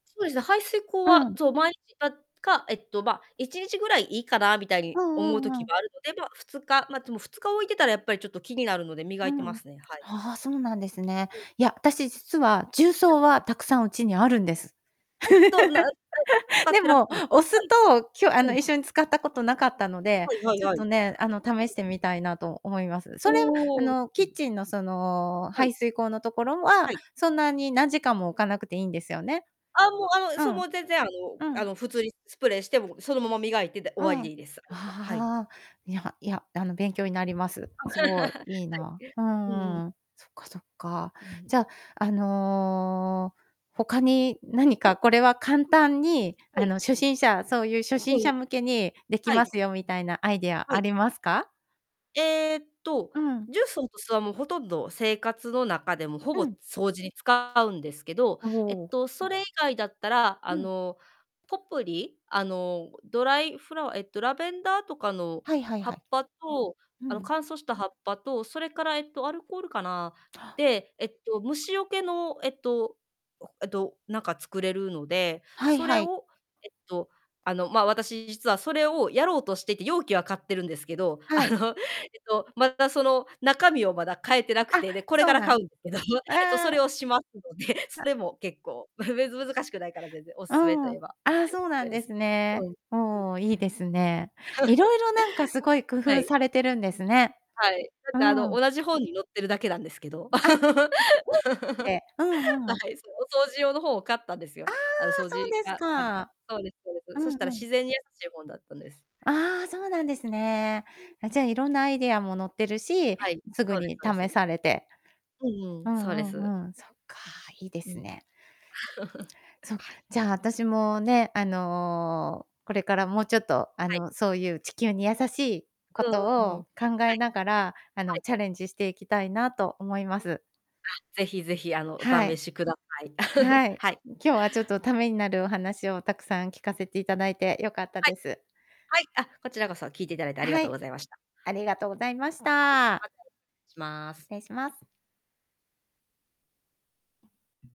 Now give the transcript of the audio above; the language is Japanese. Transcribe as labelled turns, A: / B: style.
A: そうですね、排水溝
B: う
A: は、
B: ん。
A: そう、毎日かか、えっと、ま、1日ぐらいいいかなみたいに
B: う
A: 思う
B: んう
A: 時
B: んうん。
A: もあるので、ま、2日、ま、でも2日置いてたらやっぱりちょっと気になるので、磨
B: う
A: いてま
B: ん。
A: すね、はい。
B: はは、そうなんですね。
A: うん。
B: いや、私実は、重
A: はい。
B: 曹はたくさんうちにあるんです。
A: えっと、なん [unintelligible] 使っ
B: で
A: てらっし
B: も、
A: ゃるんです
B: お
A: か？
B: 酢
A: はい。
B: と今日あ
A: う
B: の
A: ん。
B: 一緒に使ったことなかったので、
A: はいはい
B: ちょっ
A: はい。
B: とね、あの試
A: う
B: し
A: ん。
B: てみたいなと思います。それはあ
A: おお。
B: のキッ
A: [unintelligible]
B: チンのその
A: はい。
B: 排水溝のところ
A: は
B: は、
A: い。
B: そんなに何時間も置かなくていいんですよね？
A: あ、もうあの、
B: う
A: そう、も
B: ん。
A: う全然あの
B: う
A: あ
B: ん。
A: の普通にスプレーして、もうそのまま磨いて、で、終
B: う
A: わり
B: ん。
A: でいいです、それは。はい。
B: ああ、いやいや、あの勉強になります。すごい、
A: はい。
B: いいな。う
A: うんうん。
B: ん。そっかそっか。
A: うん。
B: じゃあ、あの、他に何
A: はい。
B: かこれは簡
A: うん。
B: 単に
A: は
B: あ
A: い。
B: の初心者そういう初
A: う
B: 心
A: んうん。
B: 者向けにでき
A: はい。
B: ますよみたいなアイディア
A: は
B: あ
A: い。
B: りますか？
A: えっと、
B: うん。
A: 重曹と酢はもう、ほとんど生活の中でもほぼ
B: うん。
A: 掃除に使うんですけど、
B: お
A: えっ
B: お。
A: と、それ以外だったら、あ
B: うん。
A: のポプリ、あの、ドライフラワーえっと、ラベンダーとかの
B: はいはい
A: 葉
B: は
A: っ
B: い。
A: ぱと
B: う
A: あの
B: ん。
A: 乾燥した葉っぱと、それからえっと、アルコールかな。
B: あ。
A: で、えっと虫よけの、えっと、えと、なんか作れるので、
B: はい
A: そ
B: は
A: れ
B: い。
A: をえっと、あの、ま、私、実はそれをやろうとしていて、容器は買ってるんですけど、
B: は
A: あ
B: い。
A: の、えと、まだその中身をまだ買えてなく
B: あ、
A: て、で、これ
B: そ
A: か
B: う
A: ら
B: な
A: 買う
B: ん
A: んですけど、そう、そ
B: あ
A: れを
B: あ。
A: しますので、そ
B: あ。
A: れも結構、ま、べつ、難しくないから全然、お勧
B: う
A: めと言え
B: ん。
A: ば、
B: あ、
A: えっと、
B: そう
A: そ
B: な
A: れ
B: ん
A: で
B: で
A: す。
B: す
A: うん。う
B: ね。
A: ん。
B: おお、いいですね。い ろいろなんか、すごい工
A: は
B: 夫
A: い。
B: されてるんですね。
A: はい。だっ
B: う
A: てあの
B: ん。
A: 同じ本に載ってるだけなんですけど。
B: あ。あ、
A: は
B: 本を見て。うんうん。
A: い。そう、お掃除用の本を買ったんです
B: あ
A: よ。
B: あ、
A: あの掃
B: そう
A: 除
B: です
A: がありた
B: か。
A: そうですそうで
B: う
A: す。そ
B: ん
A: したら
B: うん。
A: 自然に優しい本だったんです。
B: あ、そうなんですね。
A: うん。
B: あ、じゃあ、いろんなアイディアも載ってるし、
A: はい。
B: すぐ
A: そうです
B: に
A: そう
B: 試
A: です。
B: されて。
A: うんう
B: う
A: ん、そうで
B: んう
A: す。
B: んうん。そっか。いいで
A: うん。
B: すね。そう、
A: はい。
B: じゃあ私もね、あの、これからもうちょっとあ
A: はい。
B: の、そういう地球に優しい
A: う
B: こ
A: んう
B: と
A: んうん。
B: を考
A: は
B: え
A: い。
B: ながら、あ
A: は
B: の
A: い。
B: チャレンジしていきたいなと思います。
A: あ、是非是非、あの、お
B: は
A: 試
B: い。
A: しください。
B: はい。
A: はい。
B: 今日はちょっとためになるお話をたくさん聞かせていただいてよかった
A: はい。
B: です。
A: はい、あ、こちらこそ、聞いていただいてありが
B: は
A: とう
B: い。
A: ございました。
B: ありがとうございまし
A: は
B: た。
A: い、またします。
B: 失礼します。